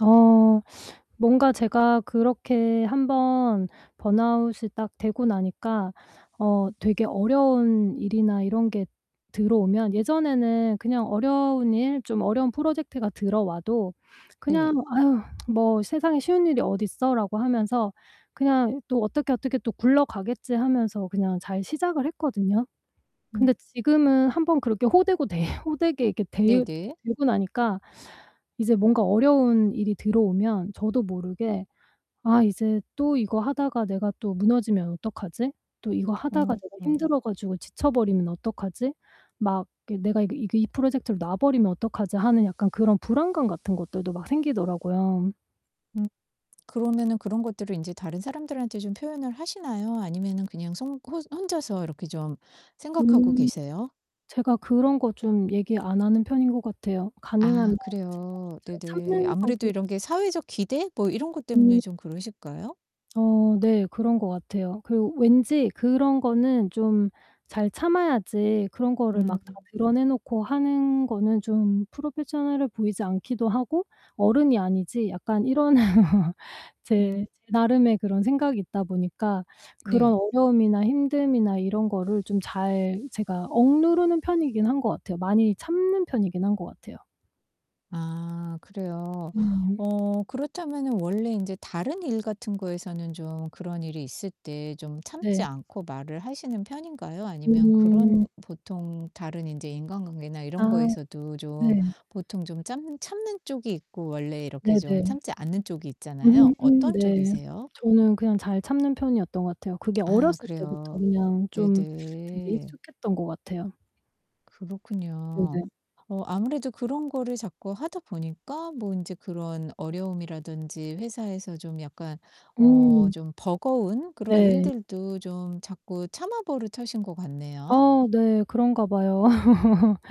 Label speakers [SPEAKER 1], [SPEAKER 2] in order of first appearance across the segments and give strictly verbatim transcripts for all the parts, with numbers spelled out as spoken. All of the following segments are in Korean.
[SPEAKER 1] 어. 뭔가 제가 그렇게 한 번 번아웃이 딱 되고 나니까 어 되게 어려운 일이나 이런 게 들어오면 예전에는 그냥 어려운 일, 좀 어려운 프로젝트가 들어와도 그냥
[SPEAKER 2] 네.
[SPEAKER 1] '아휴. 뭐 세상에 쉬운 일이 어딨어?'라고 하면서 '그냥 또 어떻게 어떻게 또 굴러가겠지.' 하면서 그냥 잘 시작을 했거든요.
[SPEAKER 2] 음.
[SPEAKER 1] 근데 지금은 한 번 그렇게 호되고 데 호되게 이렇게 데여
[SPEAKER 2] 네네.
[SPEAKER 1] 데고 나니까 이제 뭔가 어려운 일이 들어오면 저도 모르게 '아 이제 또 이거 하다가 내가 또 무너지면 어떡하지? 또 이거 하다가 내가
[SPEAKER 2] 음.
[SPEAKER 1] 힘들어 가지고 지쳐버리면 어떡하지? 막 이게 내가 이게 이그 이 프로젝트를 놔 버리면 어떡하지?' 하는 약간 그런 불안감 같은 것들도 막 생기더라고요.
[SPEAKER 2] 음. 그러면은 그런 것들을 인제 다른 사람들한테 좀 표현을 하시나요, 아니면은 그냥 손 혼 혼자서 이렇게 좀 생각하고
[SPEAKER 1] 음.
[SPEAKER 2] 계세요?
[SPEAKER 1] 제가 그런 거 좀 얘기 안 하는 편인 것 같아요. 가능하면
[SPEAKER 2] 아
[SPEAKER 1] 제가 좀
[SPEAKER 2] 그래요.
[SPEAKER 1] 잘
[SPEAKER 2] 네네.
[SPEAKER 1] 참는
[SPEAKER 2] 아무래도
[SPEAKER 1] 성격
[SPEAKER 2] 이런 게 사회적 기대 뭐 이런 것 때문에
[SPEAKER 1] 음.
[SPEAKER 2] 좀 그러실까요?
[SPEAKER 1] 어 네. 그런 것 같아요. 그리고 왠지 그런 거는 좀 잘 참아야지 그런 거를 막 다
[SPEAKER 2] 음.
[SPEAKER 1] 드러내 놓고 하는 거는 좀 프로페셔널해 보이지 않기도 하고 '어른이 아니지.' 약간 이런
[SPEAKER 2] 음.
[SPEAKER 1] 제, 제 나름의 그런 생각이 있다 보니까 그런
[SPEAKER 2] 네.
[SPEAKER 1] 어려움이나 힘듦이나 이런 거를 좀 잘 제가 억누르는 편이긴 한 것 같아요. 많이 참는 편이긴 한 것 같아요.
[SPEAKER 2] 아 그래요.
[SPEAKER 1] 음.
[SPEAKER 2] 어 그렇다면은 원래 인제 다른 일 같은 거에서는 좀 그런 일이 있을 때 좀 참지
[SPEAKER 1] 네.
[SPEAKER 2] 않고 말을 하시는 편인가요? 아니면
[SPEAKER 1] 음.
[SPEAKER 2] 그런 보통 다른 인제 인간관계나 이런
[SPEAKER 1] 아.
[SPEAKER 2] 거에서도 좀
[SPEAKER 1] 네.
[SPEAKER 2] 보통 좀 짬 참는 쪽이 있고 원래 이렇게 좀
[SPEAKER 1] 네네.
[SPEAKER 2] 참지 않는 쪽이
[SPEAKER 1] 음
[SPEAKER 2] 있잖아요.
[SPEAKER 1] 음
[SPEAKER 2] 어떤
[SPEAKER 1] 네.
[SPEAKER 2] 쪽이세요?
[SPEAKER 1] 저는 그냥 잘 참는 편이었던 것 같아요. 그게
[SPEAKER 2] 아
[SPEAKER 1] 어렸을 때부터
[SPEAKER 2] 그래요.
[SPEAKER 1] 그냥 좀 되게
[SPEAKER 2] 네네.
[SPEAKER 1] 익숙했던 것 같아요.
[SPEAKER 2] 그렇군요.
[SPEAKER 1] 네네.
[SPEAKER 2] 어 아무래도 그런 거를 자꾸 하다 보니까 뭐 인제 그런 어려움이라든지 회사에서 좀 약간 어
[SPEAKER 1] 음.
[SPEAKER 2] 좀 버거운 그런
[SPEAKER 1] 네.
[SPEAKER 2] 일들도 좀 자꾸 참아 버릇하신 것 같네요.
[SPEAKER 1] 어 네. 그런가 봐요.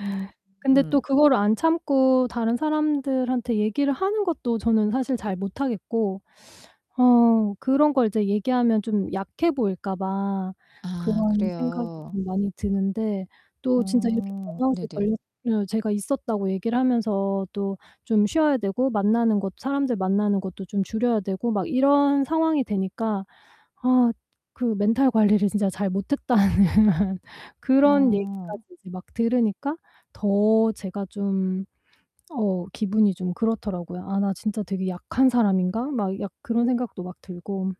[SPEAKER 2] 음
[SPEAKER 1] 근데
[SPEAKER 2] 음.
[SPEAKER 1] 또 그거를 안 참고 다른 사람들한테 얘기를 하는 것도 저는 사실 잘 못 하겠고 어 그런 걸 이제 얘기하면 좀 약해 보일까 봐
[SPEAKER 2] 아
[SPEAKER 1] 그런 생각이
[SPEAKER 2] 그래요.
[SPEAKER 1] 좀 많이 드는데 또 진짜 이렇게
[SPEAKER 2] 어
[SPEAKER 1] 번아웃이
[SPEAKER 2] 네네.
[SPEAKER 1] 걸렸 어 제가 있었다고 얘기를 하면서 또 좀 쉬어야 되고 만나는 곳 사람들 만나는 것도 좀 줄여야 되고 막 이런 상황이 되니까 아 그 "멘탈 관리를 진짜 잘 못했다."는 그런 얘기까지
[SPEAKER 2] 어.
[SPEAKER 1] 이제 막 들으니까 더 제가 좀 어 기분이 좀 그렇더라고요. '아 나 진짜 되게 약한 사람인가?' 막 약 그런 생각도 막 들고.